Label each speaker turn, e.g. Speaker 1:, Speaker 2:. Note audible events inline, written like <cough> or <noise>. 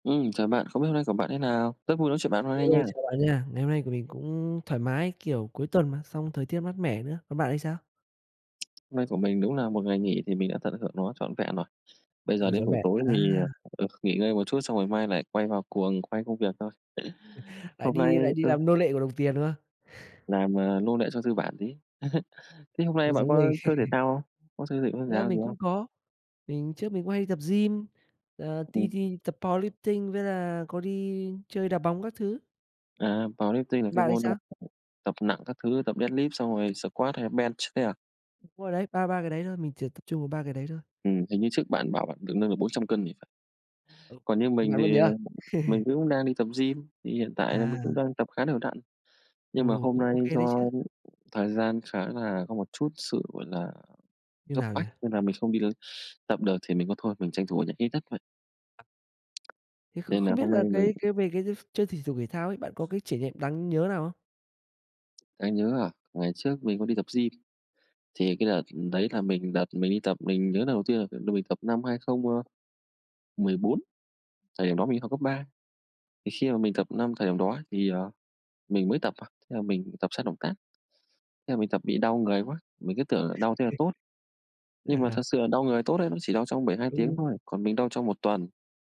Speaker 1: Ừ, chào bạn, không biết hôm nay của bạn thế nào? Rất vui nói chuyện bạn hôm nay
Speaker 2: Hello,
Speaker 1: nha.
Speaker 2: chào bạn nha. Ngày hôm nay của mình cũng thoải mái, kiểu, cuối tuần mà xong thời tiết mát mẻ nữa, còn bạn thì sao?
Speaker 1: Nay của mình đúng là một ngày nghỉ thì mình đã tận hưởng nó trọn vẹn rồi. Bây giờ
Speaker 2: Ừ,
Speaker 1: đến
Speaker 2: trọn
Speaker 1: buổi
Speaker 2: vẹn,
Speaker 1: tối
Speaker 2: à.
Speaker 1: thì, ờ, nghỉ ngơi một chút xong rồi mai lại quay vào cuồng quay công việc thôi.
Speaker 2: <chuckles> Lại
Speaker 1: Hôm nay
Speaker 2: đi lại đi
Speaker 1: ừ.
Speaker 2: làm nô lệ của đồng tiền, đúng không? <chuckles>
Speaker 1: Làm, à, nô lệ cho tư bản tí. <chuckles> Thế hôm
Speaker 2: Cũng
Speaker 1: nay bạn
Speaker 2: giống mình.
Speaker 1: có chơi thể
Speaker 2: <chuckles>
Speaker 1: thao không? Có xây dựng môn
Speaker 2: Thực
Speaker 1: thể
Speaker 2: ra
Speaker 1: thao
Speaker 2: mình
Speaker 1: gì
Speaker 2: cũng
Speaker 1: không?
Speaker 2: có, mình trước mình cũng hay đi tập gym là đi
Speaker 1: Ừm.
Speaker 2: đi tập powerlifting với là có đi chơi đá bóng các thứ.
Speaker 1: À, powerlifting là cái
Speaker 2: Bạn thì
Speaker 1: môn
Speaker 2: sao?
Speaker 1: tập nặng các thứ, tập deadlift xong rồi squad hay là bench đấy à?
Speaker 2: Đúng rồi đấy, ba ba cái đấy thôi, mình chỉ tập trung vào 3 cái đấy thôi.
Speaker 1: Ừm, hình như trước bạn bảo bạn được nâng được 400 cân thì phải.
Speaker 2: Ồ,
Speaker 1: Còn như
Speaker 2: bạn
Speaker 1: mình
Speaker 2: bạn
Speaker 1: thì
Speaker 2: vẫn nhớ à.
Speaker 1: mình
Speaker 2: <laughs>
Speaker 1: cũng đang đi tập gym, thì hiện tại là mình cũng
Speaker 2: À.
Speaker 1: đang tập khá đều đặn.
Speaker 2: Ừ,
Speaker 1: Nhưng mà hôm
Speaker 2: cũng ô
Speaker 1: nay
Speaker 2: kê đấy
Speaker 1: do
Speaker 2: chứ.
Speaker 1: thời gian khá là có một chút sự, gọi là,
Speaker 2: Như
Speaker 1: gấp
Speaker 2: nào nhỉ?
Speaker 1: bách nên là mình không đi tập được thì mình có thôi, mình tranh thủ ở nhà hít đất vậy.
Speaker 2: Thế kh
Speaker 1: Nên là
Speaker 2: không biết
Speaker 1: hôm
Speaker 2: là
Speaker 1: nay mình
Speaker 2: cái cái về cái chơi thể dục thể thao ấy bạn có cái trải niệm đáng nhớ nào không?
Speaker 1: Đáng nhớ à? Ngày trước mình có đi tập gym thì cái đợt đấy là mình đợt mình đi tập, mình nhớ lần đầu tiên là là mình tập năm 2014. Thời điểm đó mình đi học cấp 3, thì khi mà mình tập năm thời điểm đó thì, ờ, mình mới tập à, thế là mình tập sai động tác, thế mình tập bị đau người quá, mình cứ tưởng là đau thế là
Speaker 2: <chuckles>
Speaker 1: tốt.
Speaker 2: À,
Speaker 1: Nhưng mà thật
Speaker 2: à.
Speaker 1: sự là đau người tốt ấy, nó chỉ đau trong 72
Speaker 2: Đúng,
Speaker 1: tiếng
Speaker 2: đúng.
Speaker 1: thôi, còn mình đau trong 1 tuần.